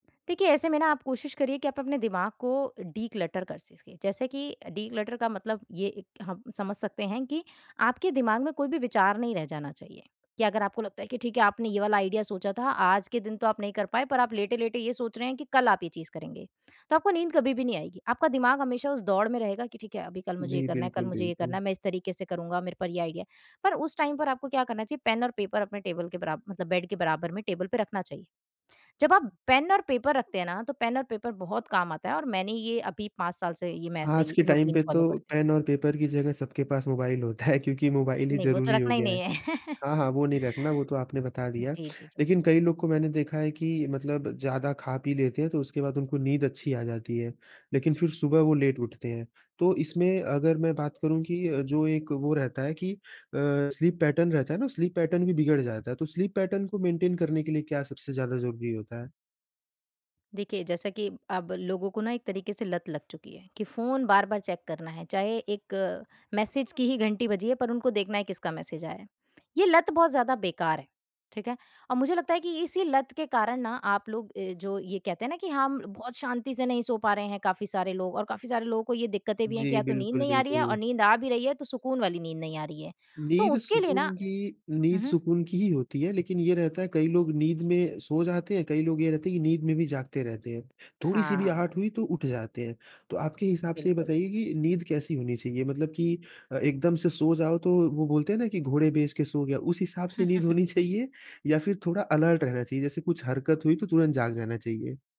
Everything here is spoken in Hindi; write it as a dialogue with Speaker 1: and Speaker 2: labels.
Speaker 1: देखिए, ऐसे में ना आप कोशिश करिए कि आप अपने दिमाग को डि-क्लटर कर सिस के। जैसे कि डि-क्लटर का मतलब ये, एक हम समझ सकते हैं कि आपके दिमाग में कोई भी विचार नहीं रह जाना चाहिए। कि अगर आपको लगता है कि ठीक है, आपने ये वाला आइडिया सोचा था आज के दिन, तो आप नहीं कर पाए। पर आप लेटे-लेटे ये सोच रहे हैं कि कल आप ये चीज़ करेंगे। तो आपको नींद कभी भी नहीं आएगी। आपका दिमाग हमेशा उस दौड़ में रहेगा कि ठीक है, अभी कल मुझे ये
Speaker 2: जी,
Speaker 1: करना है, कल
Speaker 2: बिल्कुल,
Speaker 1: मुझे ये
Speaker 2: बिल्कुल।
Speaker 1: करना है। मैं इस तरीके से करूँगा, मेरे पर ये आइडिया है। पर उस टाइम पर आपको क्या करना चाहिए? पेन और पेपर अपने टेबल के बराबर मतलब बेड के बराबर में, टेबल पे रखना चाहिए। जब आप पेन और पेपर रखते हैं ना, तो पेन और पेपर बहुत काम आता हैं। और मैंने ये अभी 5 साल से ये मैं ऐसे
Speaker 2: आज
Speaker 1: ही
Speaker 2: के टाइम
Speaker 1: रूटीन
Speaker 2: पे तो
Speaker 1: फॉलो करती हूँ।
Speaker 2: पेन और पेपर की जगह सबके पास मोबाइल होता है। क्योंकि मोबाइल ही
Speaker 1: नहीं, वो तो
Speaker 2: ज़रूरी हो
Speaker 1: रखना ही
Speaker 2: गया है।
Speaker 1: नहीं है।
Speaker 2: हाँ, हाँ, वो नहीं रखना वो तो आपने बता दिया।
Speaker 1: जी, जी, जी।
Speaker 2: लेकिन कई लोग को मैंने देखा है कि मतलब ज़्यादा खा-पी लेते हैं, तो उसके बाद उनको नींद अच्छी आ जाती है। लेकिन फिर सुबह वो लेट उठते हैं। तो इसमें अगर मैं बात करूँ कि जो एक वो रहता है कि अ, स्लीप पैटर्न रहता है ना, स्लीप पैटर्न भी बिगड़ जाता है। तो स्लीप पैटर्न को मेंटेन करने के लिए क्या सबसे ज़्यादा ज़रूरी होता है?
Speaker 1: देखिए, जैसा कि अब लोगों को ना एक तरीक़े से लत लग चुकी है कि फ़ोन बार-बार चेक करना है, चाहे 1 मैसेज की ही घंटी बजी है, पर उनको देखना है किसका मैसेज आया है। ये लत बहुत ज़्यादा बेक़ार है, ठीक है? और मुझे लगता है कि इसी लत के कारण ना आप लोग अ, जो ये कहते हैं ना कि हाँ, म बहुत शांति से नहीं सो पा रहे हैं, काफ़ी सारे लोग और काफ़ी सारे लोगों को ये दिक़्क़तें भी हैं कि
Speaker 2: जी,
Speaker 1: या तो नींद
Speaker 2: बिल्कुल,
Speaker 1: नहीं आ रही है और
Speaker 2: बिल्कुल।
Speaker 1: नींद आ भी रही है, तो सुकून वाली नींद नहीं आ रही है। तो
Speaker 2: नींद
Speaker 1: उसके लिए ना
Speaker 2: सुकून की
Speaker 1: हुँ,
Speaker 2: नींद
Speaker 1: हुँ।
Speaker 2: सुकून की ही होती है, लेकिन ये रहता है, कई लोग नींद में सो जाते हैं, कई लोग ये रहता है कि नींद में भी जागते रहते हैं। थोड़ी सी भी
Speaker 1: हाँ।
Speaker 2: आहट हुई तो उठ जाते हैं। तो आपके हिसाब से ये
Speaker 1: बिल्कुल।
Speaker 2: बताइए कि नींद कैसी होनी चाहिए? मतलब कि एकदम से सो जाओ, तो वो बोलते हैं ना कि, "घोड़े बेच के सो गया।" उस हिसाब से नींद होनी चाहिए या फिर थोड़ा अलर्ट रहना चाहिए जैसे कुछ हरकत हुई, तो तुरंत जाग जाना चाहिए।